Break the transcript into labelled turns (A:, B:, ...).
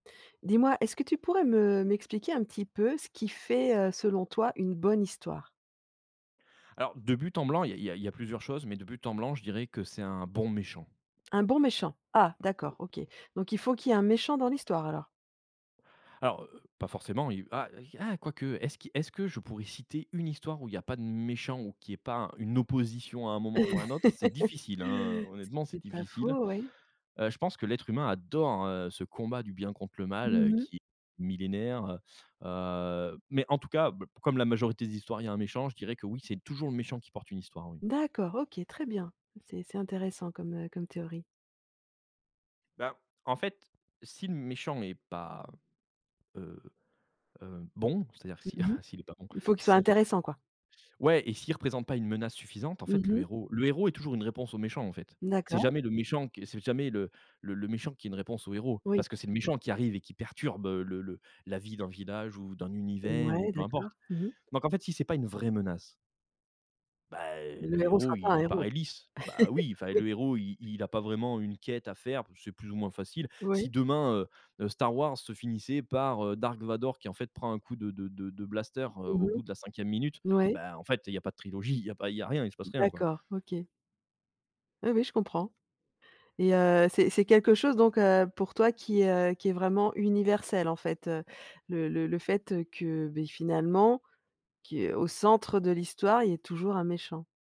A: Dis-moi, est-ce que tu pourrais me m'expliquer un petit peu ce qui fait, heu, selon toi une bonne histoire?
B: Alors de but en blanc, il y a il y a il y a plusieurs choses, mais de but en blanc, je dirais que c'est un bon méchant.
A: Un bon méchant. Ah d'accord, OK, donc il faut qu'il y ait un méchant dans l'histoire, alors?
B: Alors, heu heu, pas forcément, il va ah quoique, est-ce qui est-ce que je pourrais citer une histoire où il y a pas de méchant ou qu'il y ait pas un une opposition à un moment ou à un autre? C'est difficile, hein, honnêtement c'est
A: C'est pas
B: difficile.
A: faux, oui.
B: Heu, je pense que l'être humain adore, heu, ce combat du bien contre le mal,
A: Mmh mh.
B: qui est millénaire. Heu, mais en tout cas, b comme la majorité des histoires il y a un méchant, je dirais que oui, c'est toujours le méchant qui porte une histoire, oui.
A: D'accord, OK, très bien. C'est c'est intéressant comme, heu comme théorie.
B: Ben, en fait, si le méchant est pas, heu heu, bon, c'est-à-dire s'il
A: Mmh mh,
B: s'il est pas bon,
A: il faut qu'il soit
B: si s
A: intéressant, quoi.
B: ouais et s'il représente pas une menace suffisante, en
A: Mmh
B: fait, le
A: mh.
B: héros le héros est toujours une réponse au méchant, en fait. C'est
A: D'accord.
B: jamais le méchant qui est c'est jamais le le le méchant qui est une réponse au héros,
A: Oui.
B: parce que c'est le méchant qui arrive et qui perturbe, heu, le le la vie d'un village ou d'un univers
A: Ouais,
B: ou peu
A: d'accord.
B: importe,
A: Mmh mh.
B: donc en fait, si c'est pas une vraie menace bah,
A: Le
B: le
A: héros
B: héros
A: sera pas un
B: il
A: héros.
B: paraît lisse, bah, oui, enfin,
A: Oui.
B: le héros, i il a pas vraiment une quête à faire, c'est plus ou moins facile. Si
A: Oui.
B: demain, heu, heu, Star Wars se finissait par, heu, Dark Vador qui, en fait, prend un coup de de de de blaster, heu,
A: Mmh
B: au
A: mh.
B: bout de la 5e minute,
A: N ouais.
B: bah, en fait, il y a pas de trilogie, il y a pas il y a rien, il se passe rien, quoi.
A: D'accord, OK. Oui, oui, je comprends et heu, c'est c'est quelque chose donc heu, pour toi qui, heu qui est vraiment universel, en fait. Le le le fait, heu, que, beh, finalement, qui au centre de l'histoire, il y ait toujours un méchant.